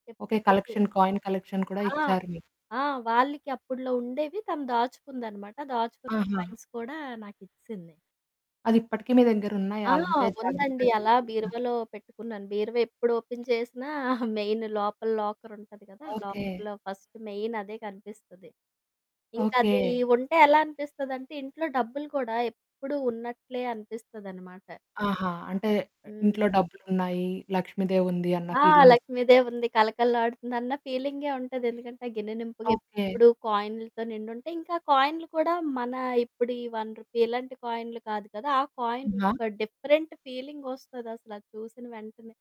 చేప్ okay. చెపేయో collection coin, collection కూడా ఆ! ఇచ్చారు మీరు. ఆ! వాళ్ళకి అప్పట్లో ఉండేవి తను దాచుకుందనమాట. దాచుకున్న ఆహా! కాయిన్స్ కూడా నాకిచ్చేసింది. అదిప్పటికి మీ దగ్గరున్నాయ? ఆ! అలాంటే జాగ్రత్తగా ఉందండి. అలా చూసుకుంటున్నార? బీరువలో పెట్టుకున్నాను. బీరువ ఎప్పుడు ఓపెన్ చేసినా మెయిన్ లోపల లాకరుంటది కదా! ఓకే. లాకర్‌లో ఫస్ట్ మెయినదే కనిపిస్తది. ఇంకా అది ఓకే. ఉంటే ఎలా అనిపిస్తదంటే, ఇంట్లో డబ్బులు కూడా ఎప్పుడూ ఉన్నట్లే అనిపిస్తదనమాట. ఆహా! అంటే హ్మ్. ఇంట్లో డబ్బులున్నాయి, లక్ష్మీదేవుంది అన్న ఆ! ఫీలింగొస్తుంది. లక్ష్మీ దేవుంది. కళకళ ఆడుతుంది అన్న ఫీలింగే ఉంటది. ఎందుకంటే, గిన్నెనింపుగా ఓకే. ఎప్పుడు కాయి‌న్లతో నిండుంటాయి. ఇంకా కాయిన్లు కూడా మన ఇప్పుడు ఈ రూ. 1 రూపీ ఇలాంటి కాయినులు కాదు కదా! ఆ కాయిన్ ఆహా! ఒక డిఫరెంట్ ఫీలింగొస్తదసల చూసిన వెంటనే.